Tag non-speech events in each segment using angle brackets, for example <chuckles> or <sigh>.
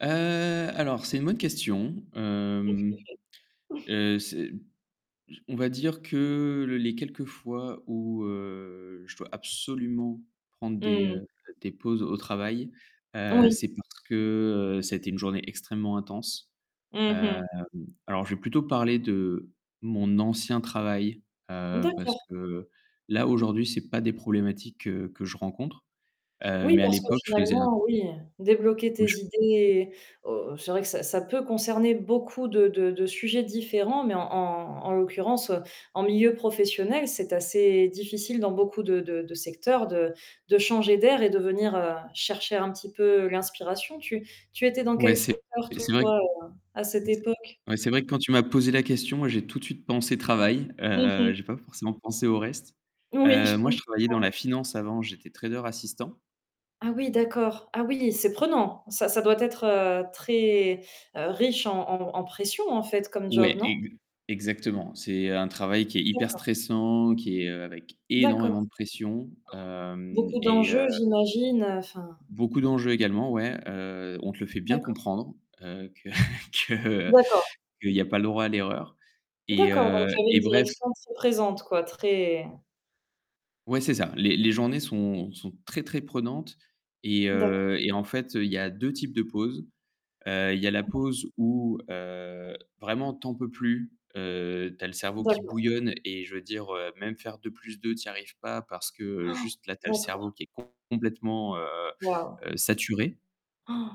Heu, alors, c'est une bonne question, Qu'est-ce que mmh, vous faites? <chuckles> heu, c'est on va dire que les quelques fois où, heu, je dois absolument prendre des, Mmh mh. heu, des pauses au travail, heu, Oui. c'est parce que, heu, ça a été une journée extrêmement intense, Mmh hem, mh. alors, je vais plutôt parler de mon ancien travail, heu, parce D'accord. que là aujourd'hui, c'est pas des problématiques que que je rencontre, heu, Oui, mais à parce que l'époque que je faisais un finalement, oui, débloquer tes Oui, je peux idées o c'est vrai que ça ça peut concerner beaucoup de de de sujets différents, mais en en en l'occurrence, heu, en milieu professionnel, c'est assez difficile dans beaucoup de de de secteurs de de changer d'air et de venir, heu, chercher un petit peu l'inspiration. Tu tu étais dans Ouais, quel c'est secteur et c'est vrai que toi, heu, à cette et c'est époque? ouais, c'est vrai que quand tu m'as posé la question, moi j'ai tout de suite pensé travail, Mmh heu, mh. j'ai pas forcément pensé au reste, Oui, heu, je moi, je comprends. travaillais dans la finance avant, j'étais trader assistant. Ah oui, d'accord. Ah oui, c'est prenant. Ça ça doit être, heu, très riche en en en pression, en fait, comme job, Ouais, non? ex exactement. C'est un travail qui est hyper D'accord. stressant, qui est, heu, avec D'accord. énormément de pression, hem, Beaucoup et d'enjeux, heu j'imagine, heu, enfin. Beaucoup d'enjeux également ouais, heu, on te le fait bien D'accord. comprendre, heu, que <chuckles> que D'accord. qu'il n'y a pas le droit à l'erreur et D'accord, donc heu tu avais une et bref direction très présente quoi, très Ouais, c'est ça. Les les journées sont sont très, très prenantes et D'accord. heu, et en fait, il y a 2 types de pause, heu, il y a la Mmh mh. pause où, heu, vraiment tu en peux plus, heu, tu as le cerveau qui D'accord. bouillonne et je veux dire, heu, même faire 2 plus 2 tu y arrives pas parce que juste là, <gasps> tu as le d'accord. cerveau qui est complètement, heu Waouh! heu, saturé.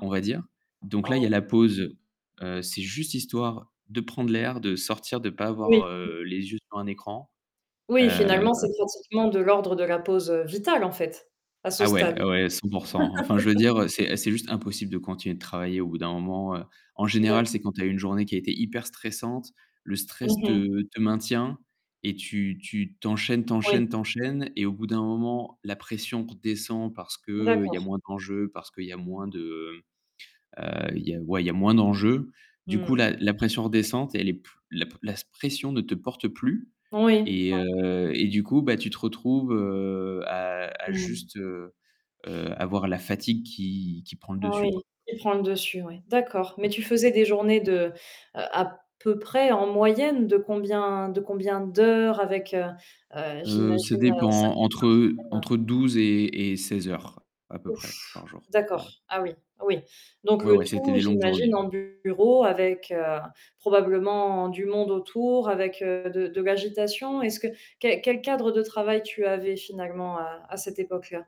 On va dire, donc là, il y a Ah. la pause. Heu, c'est juste histoire de prendre l'air, de sortir, de pas Oui. avoir, Mmh. heu, les yeux sur un écran Oui, heu finalement, c'est pratiquement de l'ordre de la pause, heu, vitale en fait, à ce Ah ouais, stade. ouais 100 %. Enfin, je veux <laughs> dire, c'est c'est juste impossible de continuer de travailler au bout d'un moment, heu, en D'accord. général, c'est quand tu as une journée qui a été hyper stressante. Le stress Mmh mh. te te maintient et tu tu tu enchaînes, tu Oui. enchaînes, tu enchaînes et au bout d'un moment, la pression redescend parce qu'il y a D'accord. moins d'enjeux, parce qu'il y a moins de, heu il y a, ouais, il y a moins d'enjeux. Du Mmh. coup, la la pression redescente et elle est p la p la pression ne te porte plus Oui. et <unintelligible> heu et du coup, bah, tu te retrouves, heu, à à Mmh. juste, heu, heu, avoir la fatigue qui qui prend le dessus Oui, quoi. qui prend le dessus, oui. D'accord, mais Ouais. tu faisais des journées de, heu, à peu près, en moyenne, de combien de combien d'heures? Avec, heu, heu, Heu, ça j'imagine, heu, 5 dépend jours par entre semaine. entre 12 et et 16 heures, à peu Ouf! près, par jour. D'accord. Ouais. Ah oui, oui, donc Ouais le ouais, c'était tout des longues j'imagine journées. en bureau avec, heu, probablement du monde autour avec, heu, de de l'agitation. Est-ce que quel quel cadre de travail tu avais finalement à à cette époque-là?